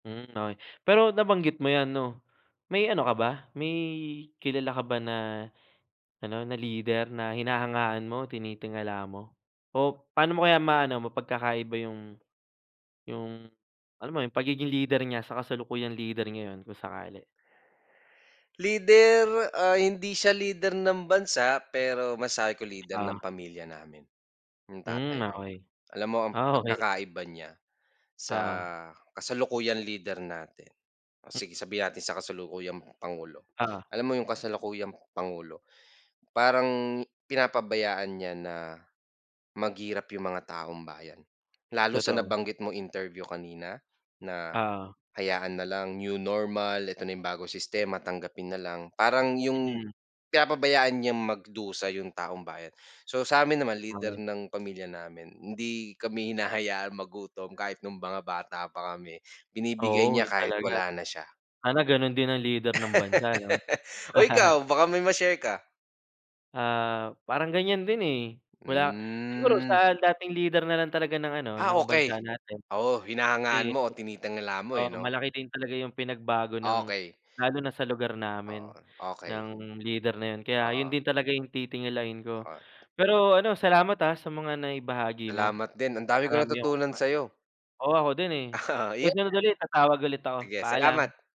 Hmm, okey, pero nabanggit mo yan, 'no, may ano ka ba? May kilala ka ba na ano, na leader na hinahangaan mo, tinitingala mo o paano mo kaya ma ano, mapagkakaiba yung yung alam mo yung pagiging leader niya sa kasalukuyang leader ngayon kung sakali? Leader, ah, hindi siya leader ng bansa, pero masabi ko leader ng Ah. pamilya namin, yung tatay Hmm, ko. okey, Alam mo ang oh, okey. pagkakaiba niya sa Oo. kasalukuyang leader natin, o sige, sabihin natin sa kasalukuyang Pangulo. Oo. lam mo iyong kasalukuyang Pangulo, parang pinapabayaan niya na maghirap yung mga taumbayan. Lalo na sa Totoo. nabanggit mong interview kanina na Oo. hayaan na lang new normal, eto na yung bagong sistema, tanggapin na lang. Parang yung Mm. pinapabayaan niyang magdusa yung taumbayan. So, sa amin naman, leader [unintelligible] ng pamilya namin, hindi kami hinahayaan magutom kahit noong mga bata pa kami, binibigay Oo, niya iyon kahit talaga. wala na siya. Sana ganoon din ang leader ng bansa, ano? Oh, ikaw baka may maishare ka? Ah, parang ganyan din, eh, wala siguro Hmm. sa dating leader na lang talaga ng ano, Ah, ng okey, bansa natin. oo, hinahangaan Kasi mo o eh, tinitangala mo eh oo, 'no? malaki din talaga yung pinagbago ng Okey. lalo na sa lugar Oo, namin okey. ng leader na yun, kaya Oo. yun din talaga yung titingalain ko. Oh. Pero ano, salamat, ah, sa mga naibahagi mo. Salamat din. Ang dami kong Marami akong mat natutunan sa iyo. oo, ako din eh, Yun nga. susunod ulit, tatawag ulit ako, Sige, paalam. salamat.